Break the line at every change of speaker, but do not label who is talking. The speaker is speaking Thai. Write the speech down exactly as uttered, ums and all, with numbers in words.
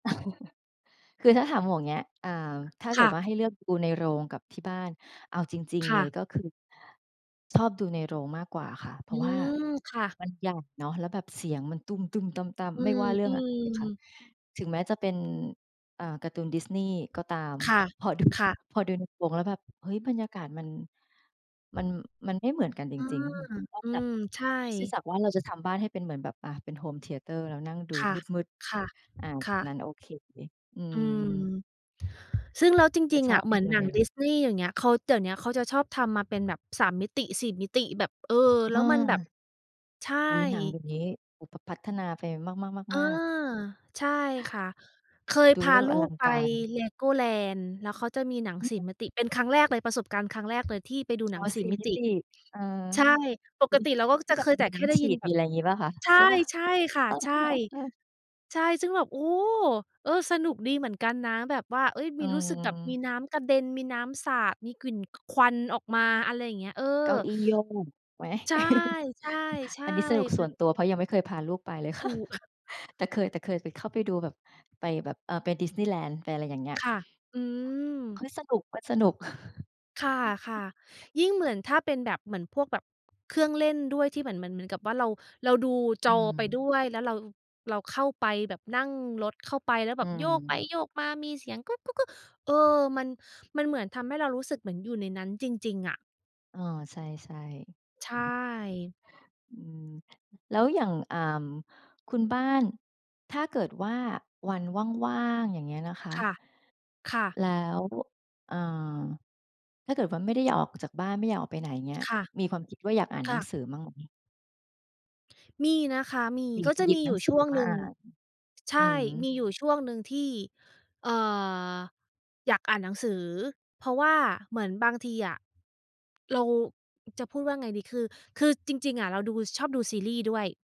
คือถ้าถามหมวกเงี้ย อ่า ถ้าเ
ค
กิ
่
ด
ะ
ว่าให้เลือกดูในโรงกับที่บ้าน เอาจริง
ค
ๆ เ
่
ลย
ะ
ก็คือ ชอบดูในโรงมากกว่าค่ะ เพ
อ
ร
ื
าะว่า
ม ค่ะ
มันใหญ่เนาะ แล้วแบบเสียงมันตุ้ม ๆ ตั้ม
อื
ๆ ไม่ว่าเรื่องอะไรค่ะ
ม ๆ
ถึงแม้จะเป็น อ่า การ์ตูน Disney ก็ตาม
ค่ะ
พอดู
ค่ะ
พอดูในโรงแล้วแบบ เฮ้ย บรรยากาศมัน มัน มันไม่เหมือนกันจ
อื
ริง
ม
ๆ นอ
อ
ก
ื
จาก
ม ใช่
นอกเสียจากว่าเราจะทำบ้านให้เป็นเหมือนแบบ อา เป็นโฮมเทียเตอร์ แล้วนั่งดู
ค่ะ
มืด
ค่ะ
ๆ อ่า
ค่ะ
งั้นโอเค อื
อืม
ม
ซึ่งแล้วจ
แต่
ริง
ช
ๆ อ
อบ
ะ
ไ
เ
ป
หมือ
ด
น
ู
หน
ใน
ัง
โรง
Disney อย่างเงี้ย ด เดี๋ยวเนี้ยเขาจะชอบทำมาเป็นแบบ สาม มิติ สี่ มิติแบบ เออ แล้
อ
วมันแบบ
า
ใช่
อุ๊ย หนังแบบนี้ อ พ พัฒนาไป
อา
มาก ๆ ๆ ๆ
ใช่ค่ะ เคย
ดู
พ
แ
า
ล้วแบ
ล
บ
ู
อลั
ก
ง
ไป
การ
Legoland แล้วเขาจะมีหนัง สี่ มิติเป็นครั้งแรกเลย ประสบการณ์ครั้งแรกเลย ที่ไปดูห
อ
น
๋
ั
อ
ง สี
ส
่
ี่
มิ
มิ
ติ
ติ เออ
ใช่ ป
อุ
ก
๊ย
ติเราก็
ที
จ
่
ะ
แบ
เค
บ
ยแ
ม
ต
ี
่แ
น
ค
้
่ได้
ำฉ
ย
ี
ิน
ด
แบ
มี
บ
อะไรงี้เปล่าคะ?
ใช
ใช่เปล่า?
่ ๆ ค่ะ
อ๋อ
ใช
อ
่
ะฮะ เออ
ใช่ ซึ่งแบบ โอ้ เออ สนุกดีเหมือนกันนะ แบบว่า เฮ้ย ม
อื
ีรู้สึกแบบมี
ม
น้ำกระเด็น มีน้ำสาด มีกลิ่น ควันออกมา อะไรอย่างเงี้ย เออ
เก้าอี้โยก ไหม?
ใช
อ
่
ันนี้สนุ
ๆ
ก
ๆ เห
ส
ม
่
ื
ว
อ
น
น
ตัว เพราะยังไม่เคยพาลูกไป เลย
ถ
ค่
ู
ะ
ก
แต่เคย แต่เคยเข้าไปดูแบบ ไปแบบ อ่า ไป Disneyland ไปอะไรอย่างเงี้ย
ค่ะ อื
เฮ
ม
้ย สนุกก็สนุก
ค่ะ ๆ ยิ่งเหมือนถ้าเป็นแบบ เหมือนพวกแบบเครื่องเล่นด้วย ที่เหมือน เหมือน เหมือนกับว่าเรา เราดู
อ
จ
ื
อไป
ม
ด้วย แล้วเรา เราเข้าไปแบบนั่งรถ เข้าไปแล้ว
อ
แ
ื
บบโยกไป
ม
โยกมา มีเสียงกึก ๆ ๆ เออ มัน มันเหมือนทำให้เรารู้สึกเหมือนอยู่ในนั้นจริง ๆ อะ
อ้อ ใช่
ใช
ๆ
่
อืม แล้วอย่าง อ่า คุณบ้าน ถ้าเกิดว่าวันว่าง ๆ อย่างเงี้ยนะคะ
ค่ะ ค่ะ
แล้ว อ่า ถ้าเกิดว่าไม่ได้อยากออกจากบ้าน ไม่อยากออกไปไหนเงี้ย
ค่ะ
มีความคิดว่าอยากอ่าน
ก
หนัง
ะ
สือบ้างไหม?
มีนะคะ มี
อยา
ก
ก
็
จะ
จะ
หยิ
ม
บ
ี
หน
อย
ั
ู
ง
่
ส
ช
ือ
่
อ
วง
อกม
ห
า
นึ่
อ
ง
่าน
ใช
อื
่ ม
อ
ีอยู่ช่วงหนึ่งที่ เอ่อ อยากอ่าน หนังสือ เพราะว่าเหมือนบางทีอะ เราจะพูดว่าไงดี คือ คือจริง ๆ อะเราดู ชอบดูซีรีส์ด้วย